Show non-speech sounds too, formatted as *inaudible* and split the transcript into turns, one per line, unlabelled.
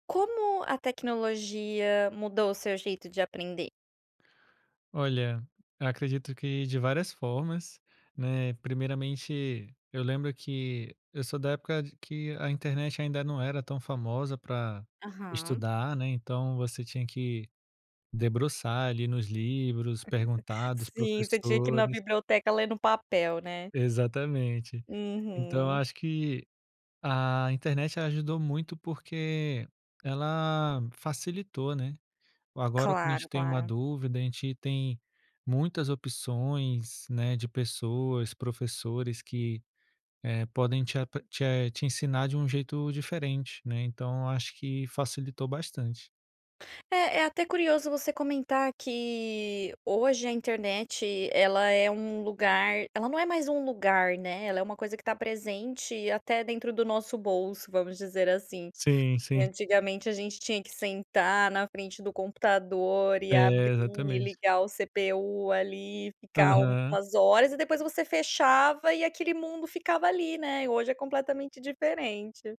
Como a tecnologia mudou o seu jeito de aprender?
Olha, eu acredito que de várias formas, né, primeiramente, eu lembro que eu sou da época, de que a internet ainda não era tão famosa, para
Aham.
estudar, né, então você tinha que debruçar ali nos livros,
*laughs*
perguntar dos
Sim, você tinha que na
professores.
biblioteca ler no papel, né?
Exatamente. Então, eu
Uhum.
acho que a internet, ela ajudou muito porque ela facilitou, né. Agora quando a gente
Claro,
tem uma
claro.
dúvida, a gente tem muitas opções, né, de pessoas, professores que, eh, podem te a p te a te ensinar de um jeito diferente, né, então eu acho que facilitou bastante.
É é até curioso você comentar que, hoje a internet ela é um lugar ela não é mais um lugar, né, ela é uma coisa que está presente até dentro do nosso bolso, vamos dizer, assim.
Sim, sim.
Antigamente, a gente tinha que sentar na frente do computador e
É,
abrir e
exatamente.
ligar o CPU ali, ficar
Aham.
umas horas, e depois você fechava, e aquele mundo ficava ali, né. E hoje é completamente diferente.